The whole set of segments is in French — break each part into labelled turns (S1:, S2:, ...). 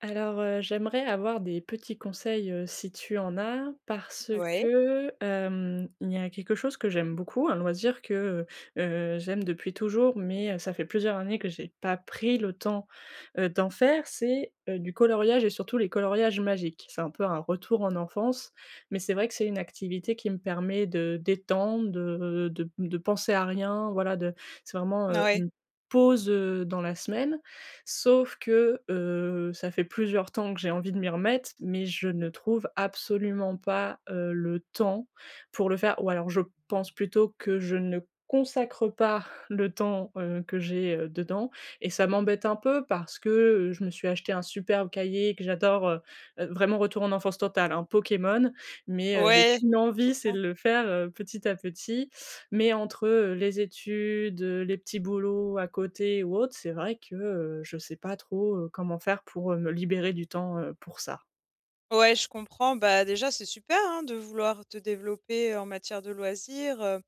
S1: Alors, heu, j'aimerais avoir des petits conseils, heu, si tu en as, parce
S2: Ouais.
S1: que, hem, il y a quelque chose que j'aime beaucoup, un loisir que, heu heu, j'aime depuis toujours, mais heu, ça fait plusieurs années que j'ai pas pris le temps, heu, d'en faire. C'est, heu, du coloriage et surtout les coloriages magiques. C'est un peu un retour en enfance mais c'est vrai que c'est une activité qui me permet de détendre, de de de penser à rien, voilà de c'est vraiment,
S2: N
S1: heu,
S2: ouais.
S1: une pause, heu, dans la semaine sauf que, heu, ça fait plusieurs temps que j'ai envie de m'y remettre mais je ne trouve absolument pas, heu, le temps pour le faire ou alors je pense plutôt que je ne consacre pas le temps, heu, que j'ai, heu, dedans et ça m'embête un peu parce que, heu, je me suis achetée un superbe cahier et que j'adore, heu heu, vraiment retour en enfance totale, hein, Pokémon, mais heu, j'ai
S2: Ouais.
S1: qu'une
S2: Trop
S1: envie, c'est
S2: bien.
S1: de le faire, heu, petit à petit mais entre, heu, les études, heu, les petits boulots à côté ou autre, c'est vrai que, heu, je sais pas trop, heu, comment faire pour, heu, me libérer du temps, heu, pour ça.
S2: Ouais, je comprends. Bah déjà, c'est super, hein, de vouloir te développer en matière de loisirs, heu,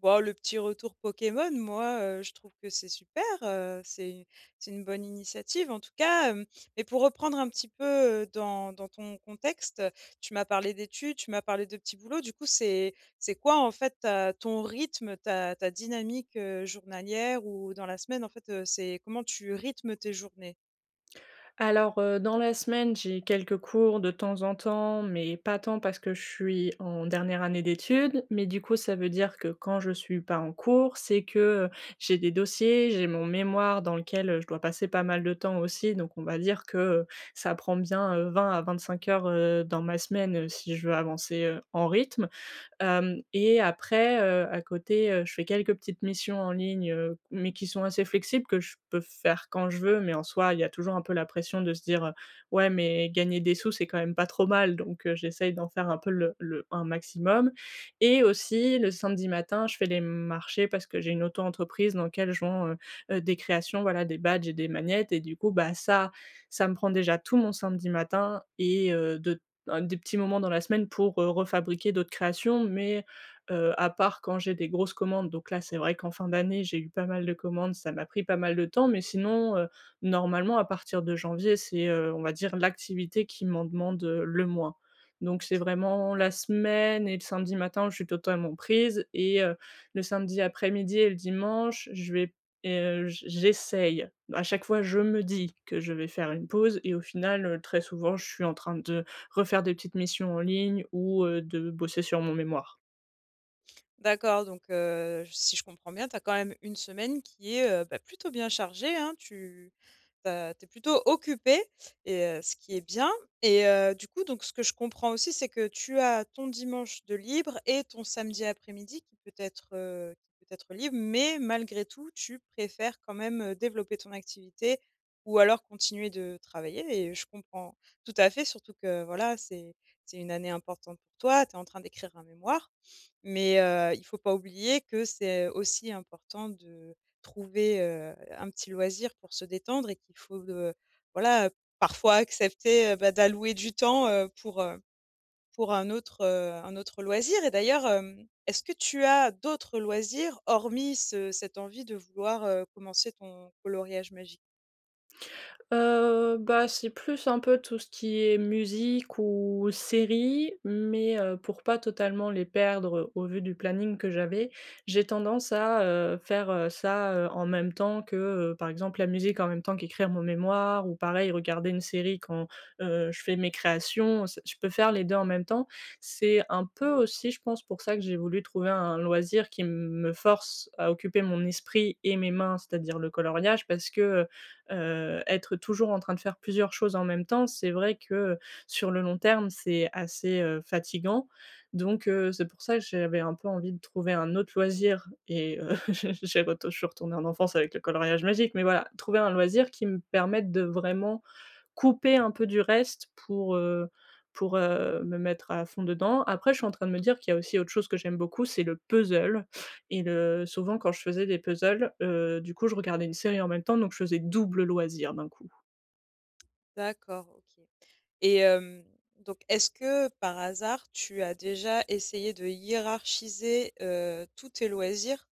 S2: boh le petit retour Pokémon, moi, heu, je trouve que c'est super heu, c'est u c'est une bonne initiative, en tout cas, hem mais pour reprendre un petit peu, heu, dans dans ton contexte. Tu m'as parlé d'études, tu m'as parlé de petits boulots. Du coup, c'est c'est quoi en fait ta ton rythme, ta ta dynamique, heu, journalière ou dans la semaine en fait, heu, c'est comment tu rythmes tes journées?
S1: Alors, heu, dans la semaine, j'ai quelques cours de temps en temps mais pas tant parce que je suis en dernière année d'études. Mais du coup, ça veut dire que quand je suis pas en cours, c'est que, heu, j'ai des dossiers, j'ai mon mémoire dans lequel, heu, je dois passer pas mal de temps aussi donc on va dire que, heu, ça prend bien, heu, 20 à 25 heures, heu, dans ma semaine, heu, si je veux avancer, heu, en rythme. Hem et après, heu, à côté, heu, je fais quelques petites missions en ligne, heu mais qui sont assez flexibles, que je peux faire quand je veux mais en soi, il y a toujours un peu la pression de se dire: «Ouais mais gagner des sous, c'est quand même pas trop mal» donc heu, j'essaie d'en faire un peu le le un maximum et aussi le samedi matin, je fais les marchés parce que j'ai une auto-entreprise dans lequel je vends, heu, des créations, voilà des badges et des magnettes et du coup bah ça, ça me prend déjà tout mon samedi matin et heu, de un des petits moments dans la semaine pour, heu, re-fabriquer d'autres créations. Mais heu, à part quand j'ai des grosses commandes donc là, c'est vrai qu'en fin d'année, j'ai eu pas mal de commandes, ça m'a pris pas mal de temps, mais sinon, heu, normalement à partir de janvier, c'est, heu, on va dire l'activité qui m'en demande, heu, le moins. Donc c'est vraiment
S2: Ouais.
S1: la semaine et le samedi matin, je suis totalement prise et heu, le samedi après-midi et le dimanche, je vais p et heu, j'essaye, à chaque fois, je me dis que je vais faire une pause et au final, heu, très souvent je suis en train de refaire des petites missions en ligne ou, heu, de bosser sur mon mémoire.
S2: D'accord donc heu, si je comprends bien, tu as quand même une semaine qui est, heu, bah, plutôt bien chargée, hein. Tu, heu, tu es plutôt occupée et heu, ce qui est bien et heu, du coup donc ce que je comprends aussi, c'est que tu as ton dimanche de libre et ton samedi après-midi qui peut être, heu, qui peut être libre mais malgré tout, tu préfères quand même, heu, développer ton activité ou alors continuer de travailler et je comprends tout à fait, surtout que voilà, c'est c'est une année importante pour toi. Tu es en train d'écrire un mémoire. Mais heu, il faut pas oublier que c'est aussi important de trouver, heu, un petit loisir pour se détendre et qu'il faut, heu, voilà, parfois accepter, bah, d'allouer du temps, heu, pour, heu, pour un autre, heu, un autre loisir et d'ailleurs, hem, est-ce que tu as d'autres loisirs, hormis ce cette envie de vouloir, heu, commencer ton coloriage magie?
S1: Heu, bah, c'est plus, un peu, tout ce qui est musique ou série mais heu, pour pas totalement les perdre au vu du planning que j'avais, j'ai tendance à, heu, faire, heu, ça, heu, en même temps que, heu, par exemple, la musique, en même temps qu'écrire mon mémoire ou pareil, regarder une série quand, heu, je fais mes créations. C je peux faire les 2 en même temps. C'est un peu aussi je pense, pour ça que j'ai voulu trouver un un loisir qui m me force à occuper mon esprit et mes mains, c'est-à-dire le coloriage parce que, heu heu, être toujours en train de faire plusieurs choses en même temps, c'est vrai que, heu, sur le long terme, c'est assez, heu, fatiguant. Donc heu, c'est pour ça que j'avais un peu envie de trouver un autre loisir et heu, j'ai j'ai retou, je suis retournée en enfance avec le coloriage magique. Mais voilà, trouver un loisir qui me permette de, vraiment, couper un peu du reste pour, heu pour, heu, me mettre à fond dedans. Après, je suis en train de me dire qu'il y a aussi autre chose que j'aime beaucoup, c'est le puzzle et le souvent quand je faisais des puzzles, heu, du coup, je regardais une série en même temps donc je faisais double loisir, d'un coup.
S2: D'accord, OK et hem, donc est-ce que, par hasard, tu as déjà essayé de hiérarchiser, heu, tous tes loisirs,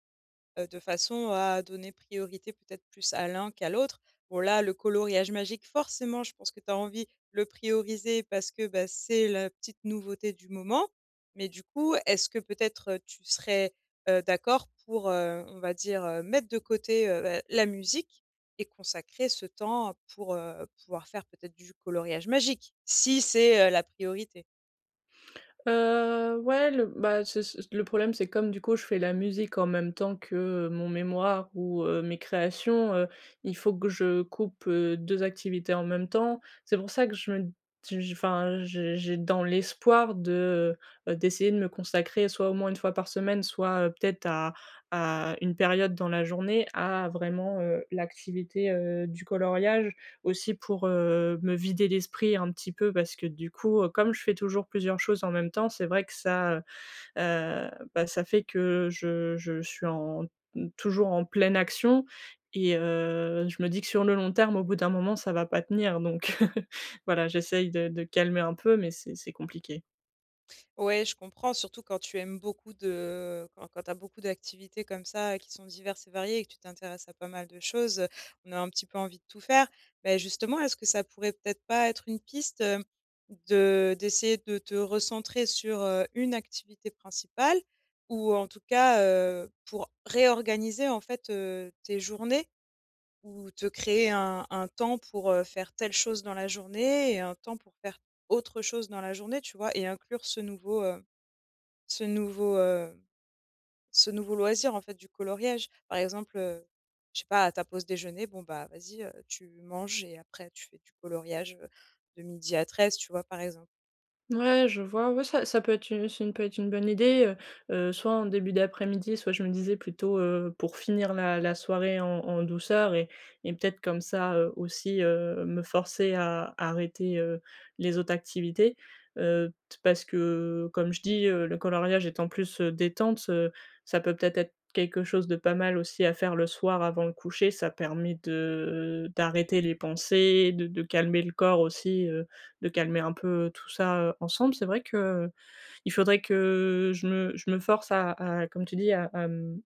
S2: heu, de façon à donner priorité, peut-être, plus à l'un qu'à l'autre? Bon, là, le coloriage magique, forcément, je pense que tu as envie le prioriser parce que, bah, c'est la petite nouveauté du moment, mais du coup, est-ce que, peut-être, heu, tu serais, heu, d'accord pour, heu, on va dire, heu, mettre de côté, heu, ben, la musique et consacrer ce temps pour, heu, pouvoir faire peut-être du coloriage magique si c'est, heu, la priorité?
S1: Heu, ouais, le bah, c'est ç le problème, c'est comme, du coup, je fais la musique, en même temps que, heu, mon mémoire ou heu, mes créations, heu, il faut que je coupe, heu, 2 activités en même temps. C'est pour ça que je me d j je enfin, j'ai j'ai dans l'espoir de, heu heu, d'essayer de me consacrer soit, au moins 1 fois par semaine, soit, heu, peut-être, à à une période dans la journée, à vraiment, heu, l'activité, heu, du coloriage. Aussi pour, heu, me vider l'esprit, un petit peu, parce que, du coup, heu, comme je fais toujours plusieurs choses en même temps, c'est vrai que ça, heu, bah, ça fait que je je suis en mmh, toujours en pleine action et heu, je me dis que sur le long terme, au bout d'un moment, ça va pas tenir donc heu. Voilà, j'essaie de de calmer un peu, mais c'est c'est compliqué.
S2: Ouais, je comprends, surtout quand tu aimes beaucoup de, heu, quand quand tu as beaucoup d'activités comme ça qui sont diverses et variées et que tu t'intéresses à pas mal de choses, heu, on a un petit peu envie de tout faire. Beh, justement, est-ce que ça pourrait peut-être pas être une piste, heu, de d'essayer de te recentrer sur, heu, une activité principale ou en tout cas, heu, pour réorganiser, en fait, heu, tes journées? Ou te créer un un temps pour, heu, faire telle chose dans la journée et un temps pour faire autre chose dans la journée, tu vois et inclure ce nouveau, heu, ce nouveau, heu, ce nouveau loisir, en fait, du coloriage, par exemple, heu, je sais pas, à ta pause déjeuner, bon, bah, vas-y, heu, tu manges et après tu fais du coloriage, heu, de 12:00 à 13:00, tu vois, par exemple.
S1: Ouais, je vois, ouais, ça ça peut être u ça peut être une bonne idée, heu heu, soit en début d'après-midi, soit, je me disais, plutôt, heu, pour finir la la soirée en en douceur et et peut-être comme ça, heu, aussi, heu, me forcer à à arrêter, heu, les autres activités, heu, t parce que, comme je dis, heu, le coloriage étant plus, heu, détente, heu, ça peut peut-être être quelque chose de pas mal aussi à faire le soir avant le coucher. Ça permet de d'arrêter les pensées, de de calmer le corps, aussi, heu, de calmer un peu tout ça, heu, ensemble. C'est vrai que, heu, il faudrait que je me je me force à à comme tu dis, à à, mmh,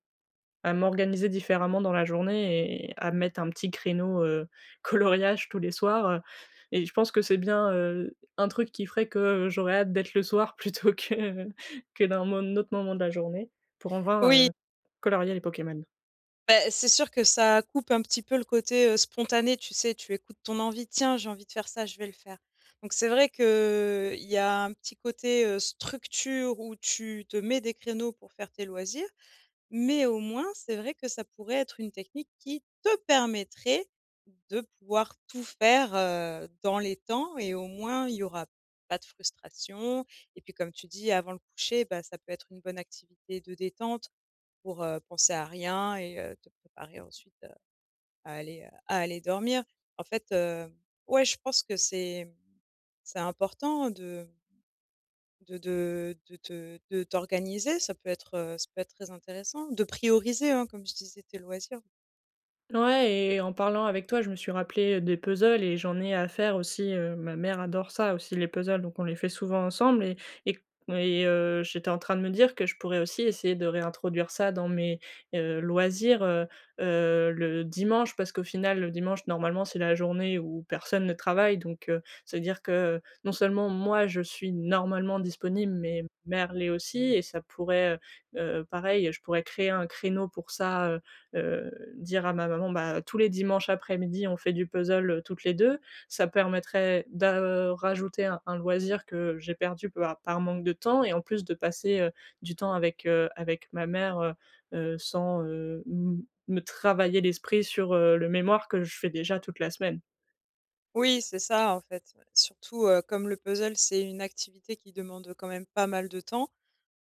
S1: à m'organiser différemment dans la journée et à me mettre un petit créneau, heu, coloriage, tous les soirs, heu et je pense que c'est bien, heu, un truc qui ferait que, heu, j'aurais hâte d'être le soir plutôt que, heu, que d'un mo n autre moment de la journée pour avoir,
S2: Oui.
S1: heu, colorier les Pokémon.
S2: Bah c'est sûr que ça coupe un ptit peu le côté, heu, spontané, tu sais, tu écoutes ton envie, tiens, j'ai envie de faire ça, je vais le faire, donc c'est vrai que il y a un petit côté, heu, structure où tu te mets des créneaux pour faire tes loisirs, mais au moins c'est vrai que ça pourrait être une technique qui te permettrait de pouvoir tout faire, heu, dans les temps et au moins y'aura pas de frustration et puis comme tu dis avant le coucher bah ça peut être une bonne activité de détente. Pour, heu, penser à rien et heu, te préparer ensuite à à aller, heu, à aller dormir en fait, heu, ouais je pense que c'est c'est important de de de de te de t'organiser ça peut être, heu, ça peut être très intéressant de prioriser hein comme je disais tes loisirs.
S1: Ouais et en parlant avec toi, je me suis rappelé des puzzles et j'en ai à faire aussi, heu, ma mère adore ça aussi les puzzles donc on les fait souvent ensemble et et et heu, j'étais en train de me dire que je pourrais aussi essayer de réintroduire ça dans mes, heu, loisirs, heu heu, le dimanche parce qu'au final le dimanche normalement c'est la journée où personne ne travaille, donc heu, c'est-à-dire que non seulement moi je suis normalement disponible, mais mère l'est aussi et ça pourrait, heu heu heu, pareil, je pourrais créer un créneau pour ça, heu heu, dire à ma maman bah tous les dimanches après-midi, on fait du puzzle, heu, toutes les deux, ça permettrait da, heu, rajouter un loisir que j'ai perdu bah par manque de temps et en plus de passer, heu, du temps avec, heu, avec ma mère, heu heu, sans, heu, m me travailler l'esprit sur, heu, le mémoire que je fais déjà toute la semaine.
S2: Oui, c'est ça, en fait. Ouais. Surtout, heu, comme le puzzle, c'est une activité qui demande, heu, quand même, pas mal de temps.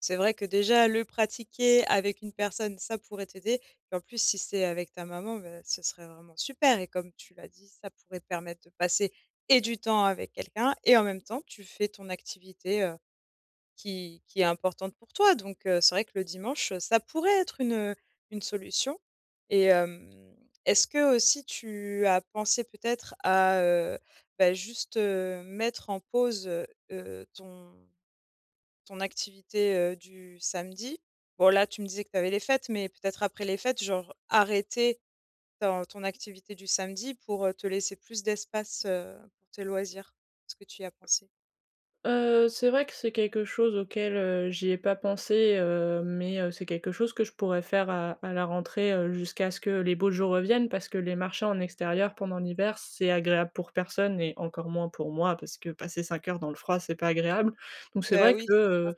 S2: C'est vrai que, déjà, le pratiquer avec une personne, ça pourrait t'aider et en plus, si c'est avec ta maman, bah, ce serait vraiment super et comme tu l'as dit, ça pourrait permettre de passer et du temps avec quelqu'un et en même temps, tu fais ton activité, heu, qui qui est importante pour toi donc heu, c'est vrai que le dimanche, heu, ça pourrait être une, heu, une solution et hem, est-ce qu'aussi, tu as pensé peut-être à, heu, bah, juste, heu, mettre en pause, heu heu, ton ton activité, heu, du samedi? Bon, là, tu me disais que tu avais les fêtes mais peut-être après les fêtes, genre, arrêter ton ton activité du samedi pour, heu, te laisser plus d'espace, heu, pour tes loisirs? Est-ce que tu y as pensé?
S1: Heu, c'est vrai que c'est quelque chose auquel, heu, j'y ai pas pensé, heu mais heu, c'est quelque chose que je pourrais faire à à la rentrée, heu, jusqu'à ce que les beaux jours reviennent parce que les marchés en extérieur pendant l'hiver, c'est agréable pour personne et encore moins pour moi parce que passer 5 heures dans le froid, c'est pas agréable. Donc c'est
S2: Bah,
S1: vrai
S2: oui,
S1: que,
S2: c'est ça.
S1: heu,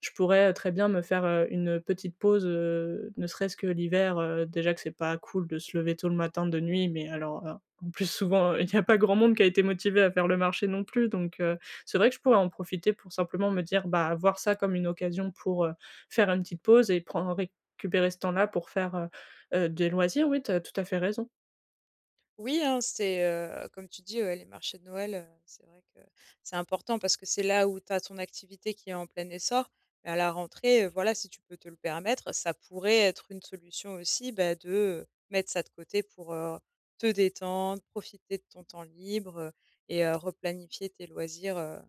S1: je pourrais, heu, très bien me faire, heu, une, heu, petite pause, heu, ne serait-ce que l'hiver, heu, déjà que c'est pas cool de se lever tôt le matin, de nuit mais alors, heu, en plus, souvent, il y a pas grand monde qui a été motivé à faire le marché non plus donc heu, c'est vrai que je pourrais en profiter pour simplement me dire ah, voir ça, comme une occasion pour, heu, faire une petite pause et prendr récupérer ce temps-là pour faire, heu heu, des loisirs. Oui, tu as tout à fait raison.
S2: Oui, hein, c'est, heu, comme tu dis, ouais, les marchés de Noël, heu, c'est vrai que c'est important parce que c'est là où tu as ton activité qui est en plein essor et à la rentrée, heu, voilà, si tu peux te le permettre, ça pourrait être une solution aussi, bah, de mettre ça de côté pour, heu, te détendre, profiter de ton temps libre et heu, replanifier tes loisirs, heu,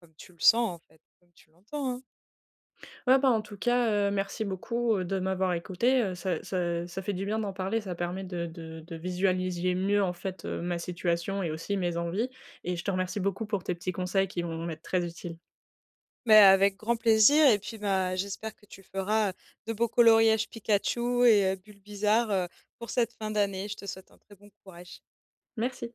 S2: comme tu le sens, en fait, comme tu l'entends, hein.
S1: Ouais, ben, en tout cas, heu, merci beaucoup, heu, de m'avoir écoutée, heu, ça ça ça fait du bien d'en parler. Ça permet de de de visualiser mieux, en fait, heu, ma situation et aussi mes envies et je te remercie beaucoup pour tes petits conseils qui vont m'être très utiles.
S2: Mais avec grand plaisir et puis bah, j'espère que tu feras, heu, de beaux coloriages Pikachu et heu, Bulbizarre, heu, pour cette fin d'année. Je te souhaite un très bon courage.
S1: Merci.